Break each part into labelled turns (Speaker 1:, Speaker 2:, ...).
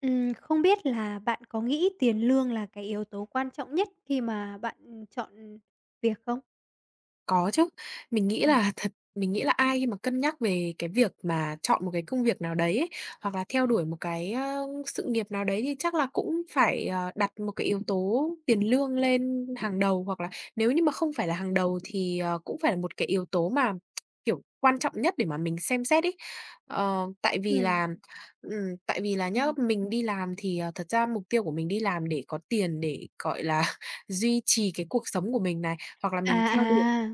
Speaker 1: Ừm, không biết là bạn có nghĩ tiền lương là cái yếu tố quan trọng nhất khi mà bạn chọn việc không?
Speaker 2: Có chứ. Mình nghĩ
Speaker 1: Ừm.
Speaker 2: là thật mình nghĩ là ai mà cân nhắc về cái việc mà chọn một cái công việc nào đấy hoặc là theo đuổi một cái, ờ, sự nghiệp nào đấy thì chắc là cũng phải, ờ, đặt một cái yếu tố tiền lương lên hàng đầu. Hoặc là nếu như mà không phải là hàng đầu thì, ờ, cũng phải là một cái yếu tố mà, kiểu, quan trọng nhất để mà mình xem xét ấy. Ờ, tại vì
Speaker 1: Ừm.
Speaker 2: là ừm, tại vì là nhé,
Speaker 1: Ừm.
Speaker 2: mình đi làm thì, ờ, thật ra mục tiêu của mình đi làm để có tiền, để, gọi là, duy trì cái cuộc sống của mình này hoặc là
Speaker 1: À,
Speaker 2: mình theo đuổi
Speaker 1: à.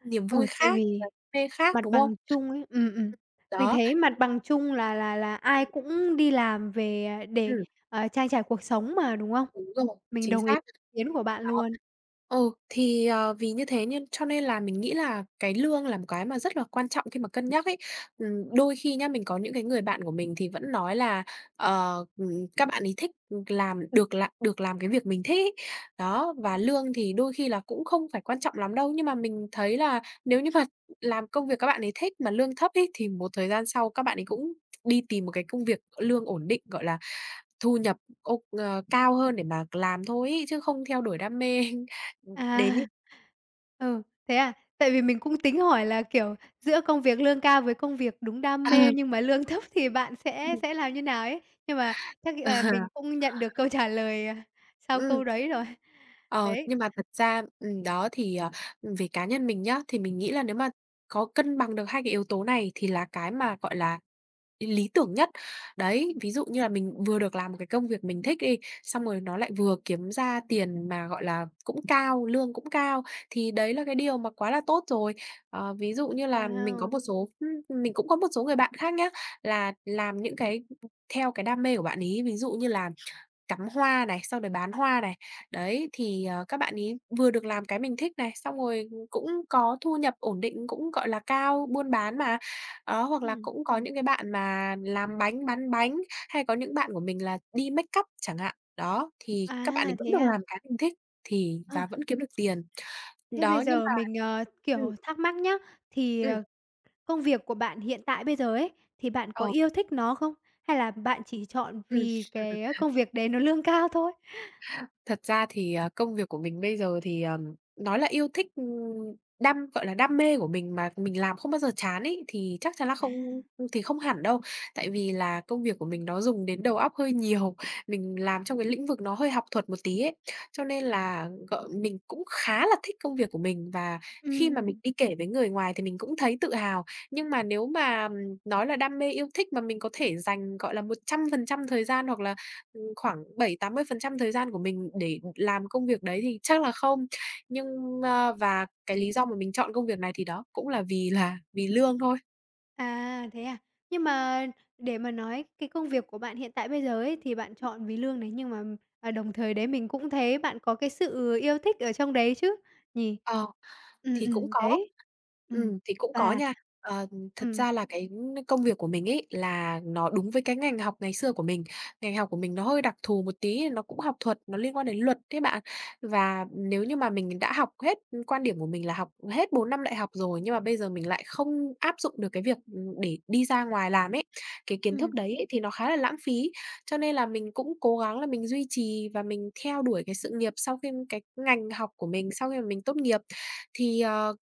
Speaker 2: niềm
Speaker 1: Ừ,
Speaker 2: vui
Speaker 1: tại
Speaker 2: khác và
Speaker 1: vì
Speaker 2: đam mê khác,
Speaker 1: mặt
Speaker 2: đúng không?
Speaker 1: bằng chung ấy ừm, ừm,
Speaker 2: Ừm.
Speaker 1: mình
Speaker 2: Đó.
Speaker 1: thấy mặt bằng chung là là là ai
Speaker 2: Ừ.
Speaker 1: cũng đi làm về để,
Speaker 2: Ừm.
Speaker 1: ờ, trang trải cuộc sống mà, đúng không?
Speaker 2: Đúng rồi,
Speaker 1: Mình
Speaker 2: chính
Speaker 1: đồng ý
Speaker 2: xác.
Speaker 1: kiến của bạn
Speaker 2: Đó,
Speaker 1: luôn.
Speaker 2: ờ, thì, ờ, vì như thế nên cho nên là mình nghĩ là cái lương là một cái mà rất là quan trọng khi mà cân nhắc ấy. Ừm, đôi khi nhé, mình có những cái người bạn của mình thì vẫn nói là, ờ, ừm, các bạn ấy thích làm được làm được làm cái việc mình thích ấy. Đó, và
Speaker 1: Ừm.
Speaker 2: lương thì đôi khi cũng không phải quan trọng lắm đâu. Nhưng mà mình thấy là nếu như mà làm công việc các bạn ấy thích mà lương thấp ấy thì một thời gian sau các bạn ấy cũng đi tìm một cái công việc lương ổn định, gọi là, thu nhập, ô ờ, cao hơn để mà làm thôi ấy, chứ không theo đuổi đam mê đến
Speaker 1: À.
Speaker 2: như
Speaker 1: Ừ, thế à? Tại vì mình cũng tính hỏi là, kiểu, giữa công việc lương cao với công việc đúng đam
Speaker 2: À.
Speaker 1: mê nhưng mà lương thấp thì bạn sẽ
Speaker 2: Ừm.
Speaker 1: sẽ làm như thế nào ấy. Nhưng mà chắc,
Speaker 2: Ờ.
Speaker 1: à, mình không nhận được câu trả lời sau
Speaker 2: Ừm.
Speaker 1: câu đấy rồi.
Speaker 2: Ờ.
Speaker 1: Đấy.
Speaker 2: Nhưng mà thật ra, ừm, đó thì, ờ, về cá nhân mình nhé, thì mình nghĩ là nếu mà có cân bằng được hai cái yếu tố này thì là cái mà, gọi là, ý lý tưởng nhất. Đấy,
Speaker 1: Ừm.
Speaker 2: ví dụ như là mình vừa được làm một cái công việc mình thích đi, xong rồi nó lại vừa kiếm ra tiền mà, gọi là, cũng cao lương cũng cao, thì đấy là cái điều mà quá là tốt rồi. Ờ, ví dụ như là mình có một
Speaker 1: Wow!
Speaker 2: số mình cũng có một số người bạn khác nhé, là làm những cái theo cái đam mê của bạn ấy, ví dụ như là cắm hoa này, xong rồi bán hoa này. Đấy thì, ờ, các bạn ấy vừa được làm cái mình thích này, xong rồi cũng có thu nhập ổn định, cũng, gọi là, cao, buôn bán mà, đó. Hoặc là
Speaker 1: Ừm.
Speaker 2: cũng có những cái bạn mà làm bánh, bán bánh, hay có những bạn của mình là đi makeup chẳng hạn. Đó, thì các bạn ấy
Speaker 1: À,
Speaker 2: vẫn
Speaker 1: thế
Speaker 2: được
Speaker 1: à?
Speaker 2: làm cái mình thích thì
Speaker 1: Ờ.
Speaker 2: và vẫn kiếm được tiền.
Speaker 1: Thế bây
Speaker 2: Đó, nhưng
Speaker 1: giờ
Speaker 2: mà,
Speaker 1: mình, ờ,
Speaker 2: ừm.
Speaker 1: kiểu, thắc mắc nhá, thì,
Speaker 2: Ừm.
Speaker 1: ờ, công việc của bạn hiện tại bây giờ ấy, thì bạn có
Speaker 2: Ờ.
Speaker 1: yêu thích nó không? Hay là bạn chỉ chọn
Speaker 2: Ừm.
Speaker 1: vì cái công việc đấy nó lương cao thôi?
Speaker 2: Thật ra thì, ờ, công việc của mình bây giờ thì, ờ, nói là yêu thích, ừm, đam gọi là, đam mê của mình mà mình làm không bao giờ chán ấy thì chắc chắn là
Speaker 1: À.
Speaker 2: không thì không hẳn đâu. Tại vì là công việc của mình nó dùng đến đầu óc hơi nhiều, mình làm trong cái lĩnh vực nó hơi học thuật một tí ấy. Cho nên là g mình cũng khá là thích công việc của mình và khi mà mình
Speaker 1: Ừm.
Speaker 2: đi kể với người ngoài thì mình cũng thấy tự hào. Nhưng mà nếu mà nói là đam mê, yêu thích mà mình có thể dành, gọi là, 100% thời gian hoặc là, ờ, khoảng 7, 80% thời gian của mình để làm công việc đấy thì chắc là không. Nhưng ơ, và cái lý do mà mình chọn công việc này thì đó cũng là vì là vì lương thôi.
Speaker 1: À, thế à? Nhưng mà để mà nói cái công việc của bạn hiện tại bây giờ ấy, thì bạn chọn vì lương này, nhưng mà, ờ, đồng thời đấy mình cũng thấy bạn có cái sự yêu thích ở trong đấy chứ nhỉ?
Speaker 2: Ờ,
Speaker 1: Ừm,
Speaker 2: thì cũng
Speaker 1: ừm,
Speaker 2: có,
Speaker 1: đấy, ừm,
Speaker 2: ừm, thì cũng có
Speaker 1: và
Speaker 2: nha. Ờ, ưm, thật
Speaker 1: ừm.
Speaker 2: ra là cái công việc của mình ấy, là nó đúng với cái ngành học ngày xưa của mình. Ngành học của mình nó hơi đặc thù một tí, nó cũng học thuật, nó liên quan đến luật đấy bạn. Và nếu như mà mình đã học hết quan điểm của mình là học hết 4 năm đại học rồi, nhưng mà bây giờ mình lại không áp dụng được cái việc, ừm, để đi ra ngoài làm ấy, cái kiến thức
Speaker 1: Ừm.
Speaker 2: đấy ấy, thì nó khá là lãng phí. Cho nên là mình cũng cố gắng là mình duy trì, và mình theo đuổi cái sự nghiệp sau khiêm cái ngành học của mình sau khi mà mình tốt nghiệp. Thì, ờ,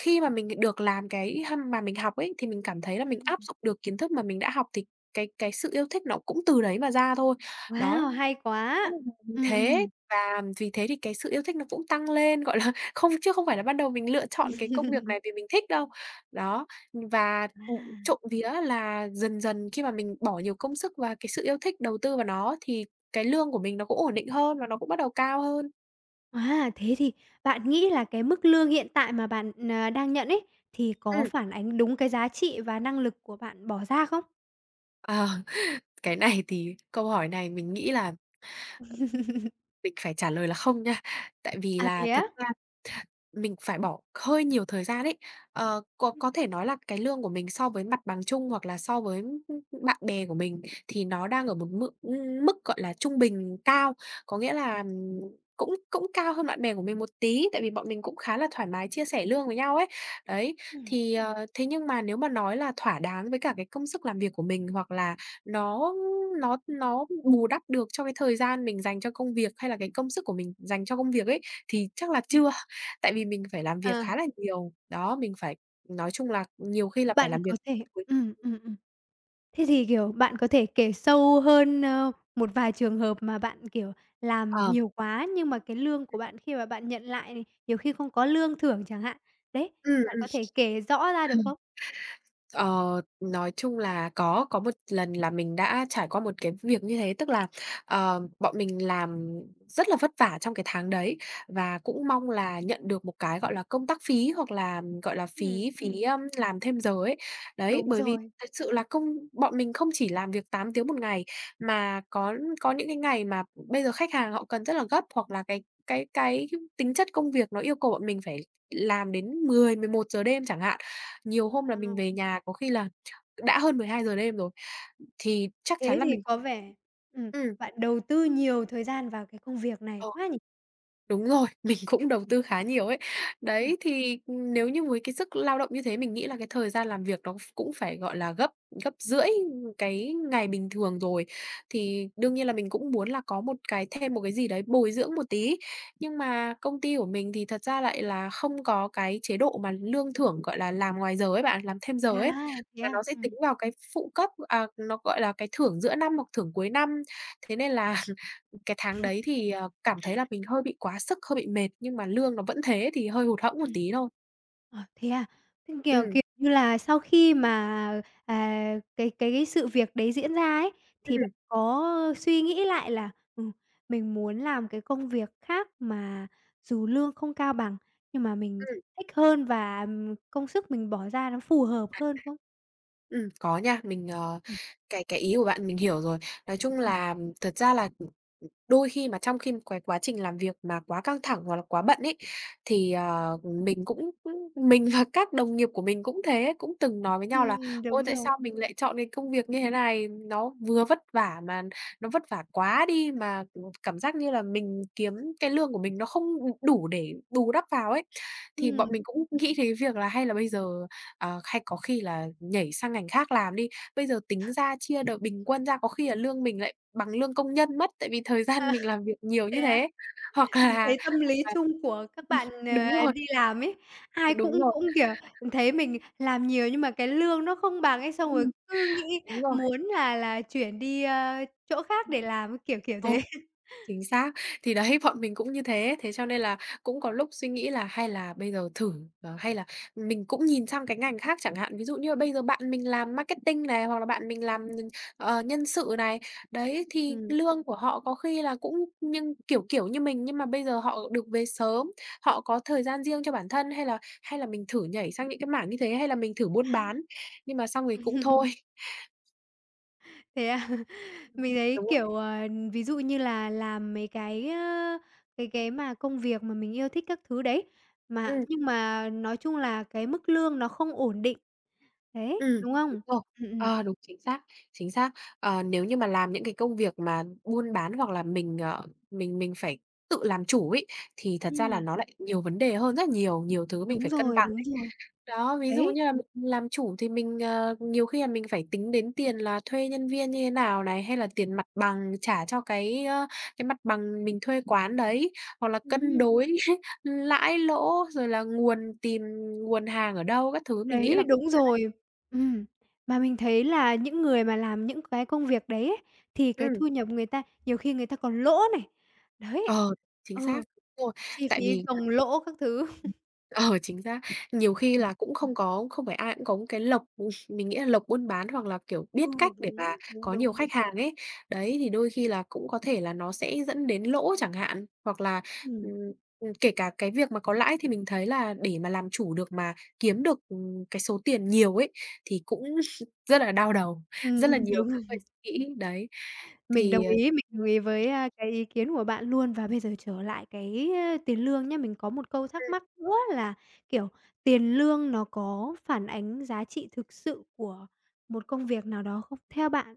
Speaker 2: khi mà mình được làm cái ha mà mình học ấy, thì mình cảm thấy là
Speaker 1: Ừm,
Speaker 2: mình áp
Speaker 1: ừm.
Speaker 2: dụng được kiến thức mà mình đã học thì cái cái sự yêu thích nó cũng từ đấy mà ra thôi. Đó,
Speaker 1: Wow, hay quá!
Speaker 2: [unintelligible]
Speaker 1: Ừm,
Speaker 2: thế
Speaker 1: ừm.
Speaker 2: và vì thế thì cái sự yêu thích nó cũng tăng lên, gọi là, không chứ không phải là bắt đầu mình lựa chọn cái công việc này vì mình thích đâu. Đó, ưm, và, ừm,
Speaker 1: À.
Speaker 2: trộm vía là dần dần khi mà mình bỏ nhiều công sức và cái sự yêu thích đầu tư vào nó, thì cái lương của mình nó cũng ổn định hơn và nó cũng bắt đầu cao hơn.
Speaker 1: Wow, thế thì bạn nghĩ là cái mức lương hiện tại mà bạn, à, đang nhận ấy, thì có
Speaker 2: Ừm.
Speaker 1: phản ánh đúng cái giá trị và năng lực của bạn bỏ ra không?
Speaker 2: Ờ, cái này thì, câu hỏi này mình nghĩ là mình phải trả lời là "không" nha. Tại vì
Speaker 1: À,
Speaker 2: là
Speaker 1: thế á?
Speaker 2: thật ra mình phải bỏ hơi nhiều thời gian ấy. Ờ, có có thể nói là cái lương của mình so với mặt bằng chung hoặc là so với, ừm, ừm, bạn bè của mình thì nó đang ở một mự ưm, mức, gọi là, trung bình cao, có nghĩa là, ừm, cũng cũng cao hơn bạn bè của mình một tí, tại vì bọn mình cũng khá là thoải mái chia sẻ lương với nhau ấy. Đấy,
Speaker 1: Ừm.
Speaker 2: thì, ờ, thế nhưng mà nếu mà nói là thỏa đáng với cả cái công sức làm việc của mình hoặc là nó nó nó bù đắp được cho cái thời gian mình dành cho công việc, hay là cái công sức của mình dành cho công việc ấy, thì chắc là
Speaker 1: Ừm.
Speaker 2: chưa. Tại vì mình phải làm việc
Speaker 1: Ờ.
Speaker 2: khá là nhiều. Đó. Mình phải nói chung là nhiều khi là phải
Speaker 1: Bạn
Speaker 2: làm việc
Speaker 1: có thể
Speaker 2: mấy
Speaker 1: ừm,
Speaker 2: tuần.
Speaker 1: ừm, ừm. Thế thì, kiểu, bạn có thể kể sâu hơn, ơ, một vài trường hợp mà bạn, kiểu, làm
Speaker 2: Ờ.
Speaker 1: nhiều quá nhưng mà cái lương của bạn khi mà bạn nhận lại, nhiều khi không có lương thưởng chẳng hạn. Đấy,
Speaker 2: Ừm,
Speaker 1: bạn
Speaker 2: ừm.
Speaker 1: có thể kể rõ ra được
Speaker 2: Không.
Speaker 1: không?
Speaker 2: Ờ, nói chung là có, có một lần là mình đã trải qua một cái việc như thế, tức là, ờ, bọn mình làm rất là vất vả trong cái tháng đấy và cũng mong là nhận được một cái, gọi là, công tác phí, hoặc là, gọi là,
Speaker 1: Ừm.
Speaker 2: phí phí,
Speaker 1: Ừm.
Speaker 2: ơm, làm thêm giờ ấy. Đấy,
Speaker 1: Đúng
Speaker 2: bởi vì
Speaker 1: rồi.
Speaker 2: thật sự là công bọn mình không chỉ làm việc 8 tiếng 1 ngày mà có có những cái ngày mà bây giờ khách hàng họ cần rất là gấp hoặc là cái cái cái tính chất công việc nó yêu cầu bọn mình phải làm đến 10:00, 11:00 đêm chẳng hạn. Nhiều hôm là mình
Speaker 1: Wow.
Speaker 2: về nhà có khi là ch đã hơn 12:00 đêm rồi thì chắc
Speaker 1: Thế
Speaker 2: chắn là
Speaker 1: thì
Speaker 2: mình
Speaker 1: có vẻ ừm,
Speaker 2: ừm.
Speaker 1: bạn đầu tư nhiều thời gian vào cái công việc này
Speaker 2: Ờ.
Speaker 1: quá nhỉ?
Speaker 2: Đúng rồi, mình cũng đầu tư khá nhiều ấy.
Speaker 1: Ừm.
Speaker 2: Đấy, thì, ừm, nếu như với cái sức lao động như thế mình nghĩ là cái thời gian làm việc nó ph cũng phải, gọi là, gấp gấp rưỡi, ừm, cái ngày bình thường rồi thì đương nhiên là mình cũng muốn là có một cái thêm một cái gì đấy bồi dưỡng một tí. Nhưng mà công ty của mình thì thật ra lại là không có cái chế độ mà lương thưởng, gọi là, làm ngoài giờ ấy bạn, làm thêm giờ ấy,
Speaker 1: À, thế
Speaker 2: mà
Speaker 1: à?
Speaker 2: nó sẽ tính
Speaker 1: Ừm.
Speaker 2: vào cái phụ cấp, à, nó, gọi là, cái thưởng giữa năm hoặc thưởng cuối năm. Thế nên là cái tháng đấy thì, ờ, cảm thấy là mình hơi bị quá sức, hơi bị mệt, nhưng mà lương nó vẫn thế thì hơi hụt hẫng một
Speaker 1: Ừm.
Speaker 2: tí thôi.
Speaker 1: Ờ, thế à. Ừm, kiểu,
Speaker 2: Ừm.
Speaker 1: kiểu như là, sau khi mà, à, cái cái sự việc đấy diễn ra ấy, thì
Speaker 2: Ừm.
Speaker 1: bạn có suy nghĩ lại là "Ừ, mình muốn làm cái công việc khác mà dù lương không cao bằng, nhưng mà mình
Speaker 2: Ừm.
Speaker 1: thích hơn và, ừm, công sức mình bỏ ra nó phù hợp hơn." không?
Speaker 2: Ừm, có nha, mình, ờ,
Speaker 1: Ừm.
Speaker 2: cái cái ý của bạn mình hiểu rồi. Nói chung
Speaker 1: Ừm.
Speaker 2: là, thật ra là, đôi khi mà trong khi cái quá trình làm việc mà quá căng thẳng hoặc là quá bận ấy thì, ờ, mình cũng, ưm, mình và các đồng nghiệp của mình cũng thế, cũng từng nói với
Speaker 1: Ừm,
Speaker 2: nhau là
Speaker 1: ừm,
Speaker 2: "Ôi,
Speaker 1: đúng
Speaker 2: tại
Speaker 1: rồi.
Speaker 2: sao mình lại chọn cái công việc như thế này, nó vừa vất vả mà nó vất vả quá đi mà, ừm, cảm giác như là mình kiếm cái lương của mình nó không, ừm, đủ để bù đắp vào ấy." Thì bọn
Speaker 1: Ừm.
Speaker 2: mình cũng nghĩ thế việc là hay là bây giờ, à, hay có khi là nhảy sang ngành khác làm đi, bây giờ tính ra chia đợt bình quân ra có khi là lương mình lại bằng lương công nhân mất tại vì thời gian
Speaker 1: Ờ.
Speaker 2: mình làm việc nhiều
Speaker 1: Thế
Speaker 2: như
Speaker 1: à?
Speaker 2: thế. Hoặc
Speaker 1: Mình
Speaker 2: là hoặc
Speaker 1: thấy tâm lý
Speaker 2: là
Speaker 1: chung của các bạn,
Speaker 2: đúng
Speaker 1: ờ,
Speaker 2: rồi.
Speaker 1: đi làm ấy, ai cũng
Speaker 2: Đúng rồi.
Speaker 1: cũng, kiểu, mình thấy mình làm nhiều nhưng mà cái lương nó không bằng ấy, xong rồi
Speaker 2: Ừm.
Speaker 1: cứ nghĩ
Speaker 2: Đúng rồi.
Speaker 1: muốn là là chuyển đi, a, chỗ khác để làm. Kiểu, kiểu
Speaker 2: Ờ.
Speaker 1: thế.
Speaker 2: Chính xác. Thì đấy, bọn mình cũng như thế. Thế cho nên là cũng có lúc suy nghĩ là hay là bây giờ thử, ờ, hay là mình cũng nhìn sang cái ngành khác chẳng hạn, ví dụ như là bây giờ bạn mình làm marketing này, hoặc là bạn mình làm, ờ, nhân sự này, đấy thì
Speaker 1: Ừm.
Speaker 2: lương của họ có khi là cũng nhưng kiểu, kiểu, như mình, nhưng mà bây giờ họ được về sớm, họ có thời gian riêng cho bản thân hay là hay là mình thử nhảy sang những cái mảng như thế hay là mình thử buôn bán, nhưng mà xong thì cũng thôi.
Speaker 1: Thế à? Mình thấy,
Speaker 2: Đúng rồi.
Speaker 1: kiểu, ờ, ví dụ như là làm mấy cái, ơ, cái cái mà công việc mà mình yêu thích các thứ đấy, mà
Speaker 2: Ừm.
Speaker 1: nhưng mà nói chung là cái mức lương nó không ổn định. Đấy,
Speaker 2: Ừm,
Speaker 1: đúng không?
Speaker 2: rồi,
Speaker 1: Ừm, ừm.
Speaker 2: ờ, đúng, chính xác, chính xác. Ờ, nếu như mà làm những cái công việc mà buôn bán hoặc là mình, ờ, mình mình phải tự làm chủ ấy thì thật ra là
Speaker 1: Ừm.
Speaker 2: nó lại nhiều vấn đề hơn rất là nhiều, nhiều thứ mình
Speaker 1: Đúng
Speaker 2: phải cân
Speaker 1: rồi,
Speaker 2: bằng
Speaker 1: đúng
Speaker 2: đấy.
Speaker 1: rồi,
Speaker 2: Đó, ví dụ
Speaker 1: đấy.
Speaker 2: như là mình làm chủ thì mình, ờ, nhiều khi là mình phải tính đến tiền là thuê nhân viên như thế nào này, hay là tiền mặt bằng trả cho cái, ơ, cái mặt bằng mình thuê quán đấy, hoặc là cân
Speaker 1: Ừm.
Speaker 2: đối hết lãi lỗ, rồi là nguồn tìm nguồn hàng ở đâu, các thứ mình nghĩ là
Speaker 1: Đấy,
Speaker 2: cung
Speaker 1: đúng
Speaker 2: khá đấy.
Speaker 1: rồi, ừm. Mà mình thấy là những người mà làm những cái công việc đấy ấy, thì cái
Speaker 2: Ừm.
Speaker 1: thu nhập người ta nhiều khi người ta còn lỗ này, đấy,
Speaker 2: Ờ, chính
Speaker 1: ờ,
Speaker 2: xác rồi,
Speaker 1: chi
Speaker 2: tại
Speaker 1: phí
Speaker 2: vì
Speaker 1: gồng lỗ các thứ.
Speaker 2: ờ, chính xác. Nhiều khi
Speaker 1: Ừm.
Speaker 2: là cũng không có không phải ai cũng có một cái lộc, mình nghĩ là lộc buôn bán hoặc là, kiểu,
Speaker 1: Ừ,
Speaker 2: biết cách để
Speaker 1: đúng,
Speaker 2: mà
Speaker 1: đúng,
Speaker 2: có nhiều
Speaker 1: đúng, đúng.
Speaker 2: khách hàng ấy. Đấy, thì đôi khi là cũng có thể là nó sẽ dẫn đến lỗ chẳng hạn. Hoặc là, ừm,
Speaker 1: Ừm.
Speaker 2: ừm, kể cả cái việc mà có lãi thì mình thấy là để mà làm chủ được, mà kiếm được, ừm, cái số tiền nhiều ấy thì cũng rất là đau đầu, rất là
Speaker 1: Ừm,
Speaker 2: nhiều thứ
Speaker 1: đúng.
Speaker 2: phải nghĩ. Đấy,
Speaker 1: Mình
Speaker 2: thì,
Speaker 1: đồng
Speaker 2: ờ
Speaker 1: ý, mình đồng ý với, a, cái ý kiến của bạn luôn và bây giờ trở lại cái, a, tiền lương nhá, mình có một câu thắc
Speaker 2: Ừm.
Speaker 1: mắc nữa là, kiểu, tiền lương nó có phản ánh giá trị thực sự của một công việc nào đó không, theo bạn?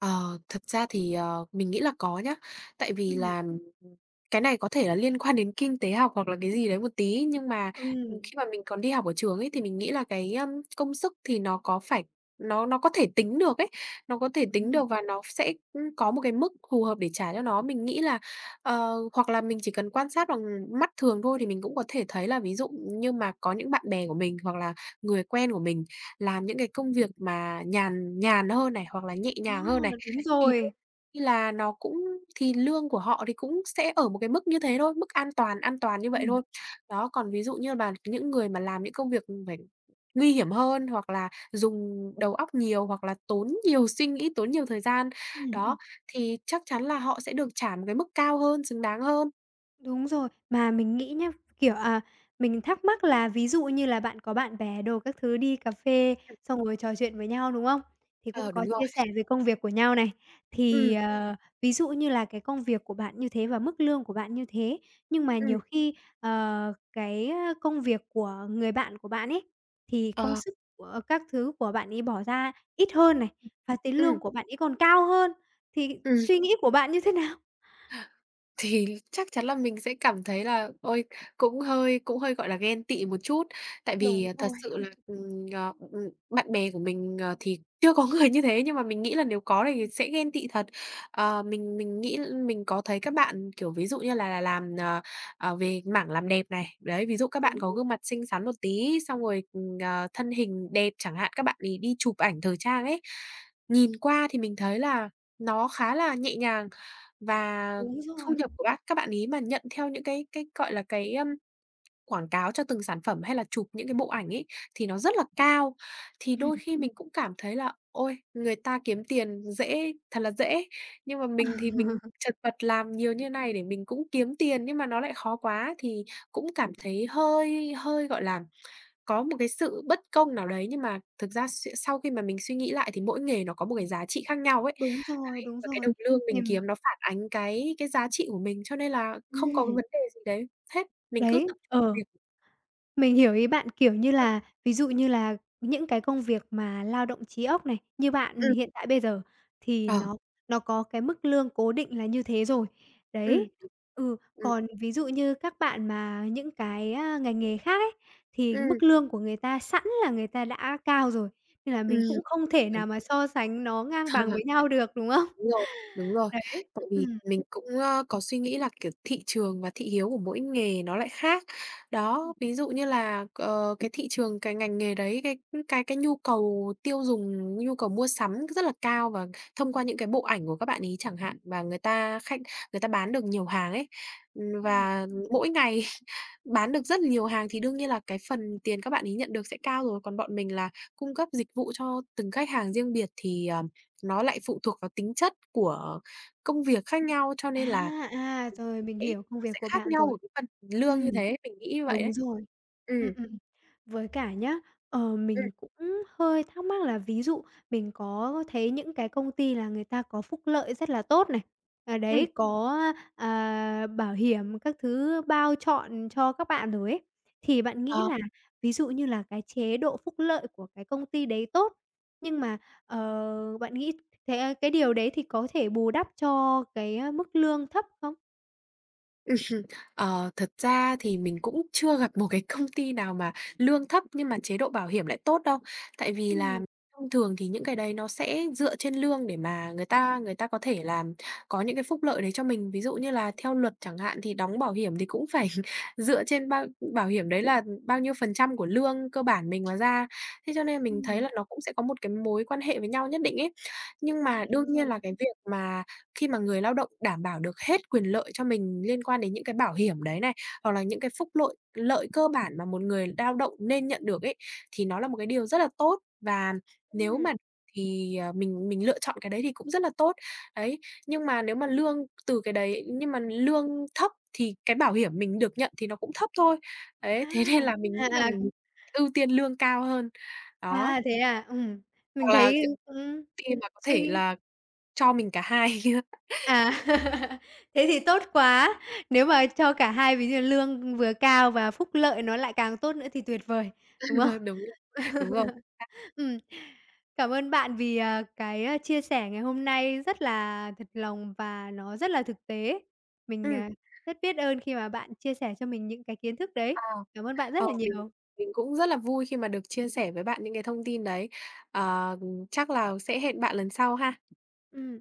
Speaker 2: Ờ, thực ra thì, ờ, mình nghĩ là có nhá. Tại vì
Speaker 1: Ừm.
Speaker 2: là, ừm, cái này có thể là liên quan đến kinh tế học hoặc là cái gì đấy một tí. Nhưng mà
Speaker 1: Ừm.
Speaker 2: khi mà mình còn đi học ở trường ấy thì mình nghĩ là cái, ơ, công sức thì nó có phải nó nó có thể tính được ấy, nó có thể tính
Speaker 1: Đúng rồi.
Speaker 2: được và nó sẽ, ưm, có một cái mức phù hợp để trả cho nó. Mình nghĩ là, ờ, hoặc là mình chỉ cần quan sát bằng mắt thường thôi thì mình cũng có thể thấy là, ví dụ như mà có những bạn bè của mình hoặc là người quen của mình làm những cái công việc mà nhàn nhàn hơn này hoặc là nhẹ
Speaker 1: Ồ.
Speaker 2: nhàng hơn này,
Speaker 1: Đúng
Speaker 2: thì đương
Speaker 1: rồi.
Speaker 2: là nó cũng thì lương của họ thì cũng sẽ ở một cái mức như thế thôi, mức an toàn, an toàn như vậy
Speaker 1: Ừm.
Speaker 2: thôi, đó. Còn ví dụ như bàn những người mà làm những công việc phải nguy hiểm hơn hoặc là dùng đầu óc nhiều hoặc là tốn nhiều suy nghĩ, tốn nhiều thời gian.
Speaker 1: Ừm, ừm.
Speaker 2: Đó, thì chắc chắn là họ sẽ được trả một cái mức cao hơn, xứng đáng hơn.
Speaker 1: Đúng rồi. Mà mình nghĩ nhá, kiểu, à, mình thắc mắc là ví dụ như là bạn có bạn bè đồ các thứ đi cà phê,
Speaker 2: Ừm.
Speaker 1: xong ngồi trò chuyện với nhau, đúng không? Thì cũng
Speaker 2: Ờ, đúng
Speaker 1: có
Speaker 2: rồi.
Speaker 1: chia sẻ về công việc của nhau này. Thì,
Speaker 2: Ừm.
Speaker 1: ờ, ví dụ như là cái công việc của bạn như thế và mức lương của bạn như thế, nhưng mà nhiều
Speaker 2: Ừm.
Speaker 1: khi, ờ, cái, ơ, công việc của người bạn của bạn ấy thì công
Speaker 2: Ờ.
Speaker 1: sức của các thứ của bạn ấy bỏ ra ít hơn này, và tiền
Speaker 2: Ừm.
Speaker 1: lương của bạn ấy còn cao hơn, thì
Speaker 2: Ừm.
Speaker 1: suy nghĩ của bạn như thế nào?
Speaker 2: Thì chắc chắn là mình sẽ cảm thấy là ôi, cũng hơi cũng hơi, gọi là, ghen tị một chút. Tại
Speaker 1: Đúng
Speaker 2: vì thật
Speaker 1: rồi.
Speaker 2: sự là, ừm, ờ, ừm, ừm, bạn bè của mình, ờ, thì chưa có người như thế. Nhưng mà mình nghĩ là nếu có thì
Speaker 1: Ừm.
Speaker 2: sẽ ghen tị thật. Ờ, mình mình nghĩ mình có thấy các bạn, kiểu, ví dụ như là là làm, ờ, ờ, về mảng làm đẹp này. Đấy, ví dụ các bạn có
Speaker 1: Đúng.
Speaker 2: gương mặt xinh xắn một tí, xong rồi, ờ, thân hình đẹp chẳng hạn, các bạn ấy đi chụp ảnh thời trang ấy. Nhìn qua thì mình thấy là nó khá là nhẹ nhàng và
Speaker 1: Đúng
Speaker 2: thu
Speaker 1: rồi.
Speaker 2: nhập của bác các bạn ý mà nhận theo những cái cái, gọi là, cái, ưm, quảng cáo cho từng sản phẩm hay là chụp những cái bộ ảnh ấy thì nó rất là cao. Thì
Speaker 1: Ừm.
Speaker 2: đôi khi mình cũng cảm thấy là ôi, người ta kiếm tiền dễ thật là dễ. Nhưng mà
Speaker 1: Ừ.
Speaker 2: mình thì mình chật vật làm nhiều như này để mình cũng kiếm tiền, nhưng mà nó lại khó quá thì cũng cảm thấy hơi hơi, gọi là, có một cái sự bất công nào đấy. Nhưng mà thực ra s sau khi mà mình suy nghĩ lại thì mỗi nghề nó có một cái
Speaker 1: Ừm.
Speaker 2: giá trị khác nhau ấy.
Speaker 1: Đúng rồi,
Speaker 2: Đấy,
Speaker 1: đúng
Speaker 2: và cái
Speaker 1: rồi,
Speaker 2: đồng lương
Speaker 1: thì
Speaker 2: mình kiếm nó phản ánh cái cái giá trị của mình, cho nên là không có cái
Speaker 1: Ừm.
Speaker 2: vấn đề gì đấy, hết. Mình cứ
Speaker 1: Đấy,
Speaker 2: tập
Speaker 1: ờ.
Speaker 2: việc
Speaker 1: Mình hiểu ý bạn, kiểu như
Speaker 2: Ừm.
Speaker 1: là, ví dụ như là những cái công việc mà lao động trí óc này, như bạn
Speaker 2: Ừm.
Speaker 1: hiện tại bây giờ thì
Speaker 2: Ờ.
Speaker 1: nó nó có cái mức lương cố định là như thế rồi.
Speaker 2: Ừm,
Speaker 1: Đấy, ừ,
Speaker 2: ừm.
Speaker 1: còn ví dụ như các bạn mà những cái, a, ngành nghề khác ấy thì
Speaker 2: Ừm.
Speaker 1: mức lương của người ta sẵn là người ta đã cao rồi, nên là mình
Speaker 2: Ừm.
Speaker 1: cũng không thể nào mà so sánh nó ngang
Speaker 2: Ờ.
Speaker 1: bằng với nhau được, đúng không?
Speaker 2: Đúng rồi, đúng rồi.
Speaker 1: Đấy,
Speaker 2: Tại vì
Speaker 1: ừm.
Speaker 2: mình cũng, ơ, có suy nghĩ là, kiểu, thị trường và thị hiếu của mỗi nghề nó lại khác. Đó,
Speaker 1: Ừm.
Speaker 2: ví dụ như là, ờ, cái thị trường, cái ngành nghề đấy, cái cái cái nhu cầu tiêu dùng, nhu cầu mua sắm rất là cao. Và thông qua những cái bộ ảnh của các bạn ấy chẳng hạn, và người ta khách, người ta bán được nhiều hàng ấy. Ừm,
Speaker 1: Ừm.
Speaker 2: và mỗi ngày bán được rất nhiều hàng thì đương nhiên là cái phần tiền các bạn ấy nhận được sẽ cao rồi. Còn bọn mình là cung cấp dịch vụ cho từng khách hàng riêng biệt thì, ờ, nó lại phụ thuộc vào tính chất của công việc khác nhau, cho nên
Speaker 1: À,
Speaker 2: là
Speaker 1: à, rồi
Speaker 2: [unintelligible]
Speaker 1: mình hiểu công
Speaker 2: nó
Speaker 1: việc
Speaker 2: sẽ
Speaker 1: của
Speaker 2: khác
Speaker 1: bạn
Speaker 2: nhau ở
Speaker 1: rồi.
Speaker 2: cái phần lương như
Speaker 1: Ừm,
Speaker 2: thế, mình nghĩ như vậy đấy.
Speaker 1: đúng rồi.
Speaker 2: Ừm.
Speaker 1: Ừm, ừm, với cả nhá, ờ,
Speaker 2: Ừm.
Speaker 1: mình cũng hơi thắc mắc là ví dụ mình có thấy những cái công ty là người ta có phúc lợi rất là tốt này. À,
Speaker 2: Ừm.
Speaker 1: đấy, có, a, à, bảo hiểm các thứ bao trọn cho các bạn rồi ấy, thì bạn nghĩ
Speaker 2: Ờ.
Speaker 1: là, ví dụ như là cái chế độ phúc lợi của cái công ty đấy tốt, nhưng mà, ờ, bạn nghĩ thế cái điều đấy thì có thể bù đắp cho cái, a, mức lương thấp không?
Speaker 2: Ờ, thật ra thì mình cũng chưa gặp một cái công ty nào mà lương thấp nhưng mà chế độ bảo hiểm lại tốt đâu. Tại vì là
Speaker 1: Ừm.
Speaker 2: thông thường thì những cái đấy nó sẽ dựa trên lương để mà người ta người ta có thể là có những cái phúc lợi đấy cho mình. Ví dụ như là theo luật chẳng hạn, thì đóng bảo hiểm thì cũng phải dựa trên bao bảo hiểm đấy là bao nhiêu phần trăm của lương cơ bản mình mà ra. Thế cho nên mình thấy
Speaker 1: Ừm.
Speaker 2: là nó cũng sẽ có một cái mối quan hệ với nhau nhất định ấy. Nhưng
Speaker 1: À,
Speaker 2: mà đương
Speaker 1: đúng rồi.
Speaker 2: nhiên là cái việc mà khi mà người lao động đảm bảo được hết quyền lợi cho mình liên quan đến những cái bảo hiểm đấy này, hoặc là những cái phúc lội lợi cơ bản mà một người lao động nên nhận được ấy, thì nó là một cái điều rất là tốt. Và nếu
Speaker 1: Ừm.
Speaker 2: mà thì, ờ, mình mình lựa chọn cái đấy thì cũng rất là tốt, đấy. Nhưng mà nếu mà lương từ cái đấy nhưng mà lương thấp thì cái bảo hiểm mình được nhận thì nó cũng thấp thôi, ấy.
Speaker 1: A!
Speaker 2: Thế nên là mình
Speaker 1: À,
Speaker 2: nghĩ là
Speaker 1: à, ừm.
Speaker 2: ưu tiên lương cao hơn, đó.
Speaker 1: À, thế à? Ừm, mình
Speaker 2: Hoặc là,
Speaker 1: thấy,
Speaker 2: kiểu
Speaker 1: ừm,
Speaker 2: ty mà có thể
Speaker 1: suy.
Speaker 2: là cho mình cả hai.
Speaker 1: À. Thế thì tốt quá. Nếu mà cho cả hai ví dụ lương vừa cao và phúc lợi nó lại càng tốt nữa thì tuyệt vời, đúng không?
Speaker 2: Đúng rồi, đúng rồi xác.
Speaker 1: Ừm. Cảm ơn bạn vì, ờ, cái, a, chia sẻ ngày hôm nay rất là thật lòng và nó rất là thực tế. Mình,
Speaker 2: Ừm.
Speaker 1: à, rất biết ơn khi mà bạn chia sẻ cho mình những cái kiến thức
Speaker 2: À.
Speaker 1: đấy. Cảm ơn bạn rất
Speaker 2: Ờ,
Speaker 1: là
Speaker 2: mình
Speaker 1: nhiều.
Speaker 2: mình cũng rất là vui khi mà được chia sẻ với bạn những cái thông tin đấy. Ờ, ừm, chắc là sẽ hẹn bạn lần sau ha.
Speaker 1: Ừm.